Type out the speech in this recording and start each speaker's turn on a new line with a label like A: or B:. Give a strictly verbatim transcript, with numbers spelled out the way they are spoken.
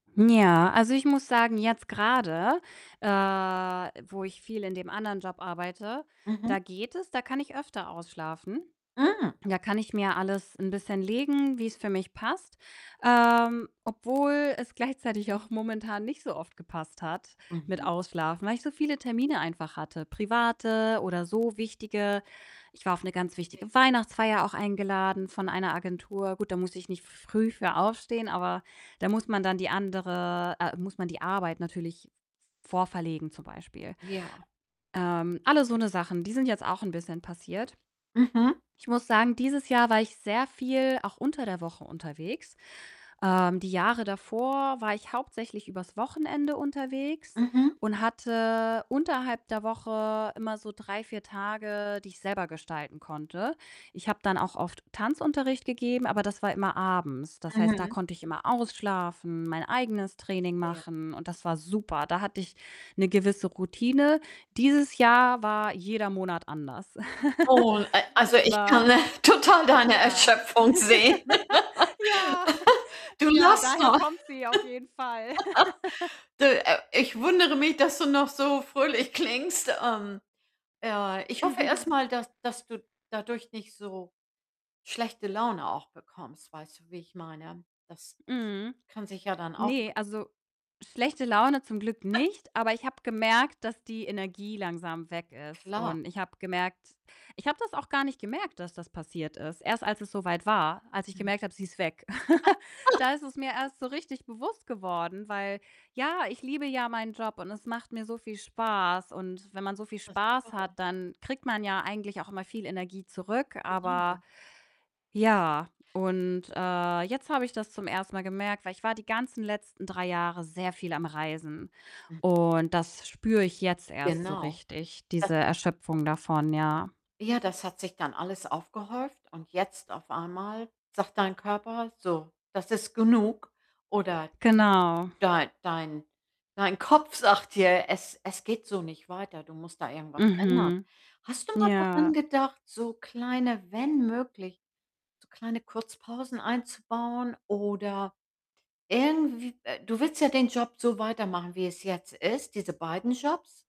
A: Ja, also ich muss sagen, jetzt grade, äh, wo ich viel in dem anderen Job arbeite,
B: Mhm.
A: da geht es, da kann ich öfter ausschlafen.
B: Mhm.
A: Da kann ich mir alles 'n bisschen legen, wie's für mich passt, ähm, obwohl es gleichzeitig auch momentan nicht so oft gepasst hat mit
B: Mhm.
A: Ausschlafen, weil ich so viele Termine einfach hatte, private oder so wichtige. Ich war auf 'ne ganz
B: Verstehe.
A: wichtige Weihnachtsfeier auch eingeladen von einer Agentur. Gut, da musste ich nicht früh für aufstehen, aber da muss man dann die andere äh, muss man die Arbeit natürlich v vorverlegen zum Beispiel.
B: Ja.
A: Ähm, alle so 'ne Sachen, die sind jetzt auch 'n bisschen passiert.
B: Mhm.
A: Ich muss sagen, dieses Jahr war ich sehr viel auch unter der Woche unterwegs. Ähm, die Jahre davor war ich hauptsächlich übers Wochenende unterwegs
B: Mhm.
A: und hatte unterhalb der Woche immer so drei, vier Tage, die ich selber gestalten konnte. Ich habe dann auch oft Tanzunterricht gegeben, aber das war immer abends. Das heißt, da
B: Mhm.
A: konnte ich immer ausschlafen, mein eigenes Training
B: Verstehe.
A: machen und das war super. Da hatte ich 'ne gewisse Routine. Dieses Jahr war jeder Monat anders.
B: Oh, a also
A: Es
B: ich kann,
A: war
B: äh, total deine
A: ja.
B: Erschöpfung sehen.
A: Ja,
B: Du
A: ja,
B: lachst
A: daher
B: noch.
A: kommt sie auf jeden Fall.
B: De äh, ich wundere mich, dass du noch so fröhlich klingst. Ähm, ja, ich hoffe erst mal, dass dass du dadurch nicht so schlechte Laune auch bekommst. Weißt du, wie ich meine? Das das
A: Mhm.
B: kann sich ja dann auch
A: Ne, also schlechte Laune zum Glück nicht, aber ich habe gemerkt, dass die Energie langsam weg ist,
B: Klar.
A: und ich habe gemerkt ich habe das auch gar nicht gemerkt, dass das passiert ist. Erst als es so weit war, als ich
B: Mhm.
A: gemerkt habe, sie ist weg. Da ist es mir erst so richtig bewusst geworden, weil ja, ich liebe ja meinen Job und es macht mir so viel Spaß und wenn man so viel Spaß hat,
B: [unintelligible]
A: dann kriegt man ja eigentlich auch immer viel Energie zurück, aber
B: Genau.
A: ja und, äh, jetzt habe ich das zum ersten Mal gemerkt, weil ich war die ganzen letzten drei Jahre sehr viel am Reisen
B: [unintelligible]
A: und das spüre ich jetzt erst so
B: Genau,
A: richtig,
B: das
A: diese Erschöpfung davon, ja.
B: Ja, das hat sich dann alles aufgehäuft und jetzt auf einmal sagt dein Körper: „So, das ist genug.“ Oder
A: Genau.
B: dei dein dein Kopf sagt dir: „Es es geht so nicht weiter, du musst da irgendwas ändern.“
A: Mhm.
B: Hast du mal daran
A: Ja.
B: gedacht, so kleine wenn möglich, so kleine Kurzpausen einzubauen oder irgendw äh, du willst ja den Job so weitermachen, wie es jetzt ist diese beiden Jobs?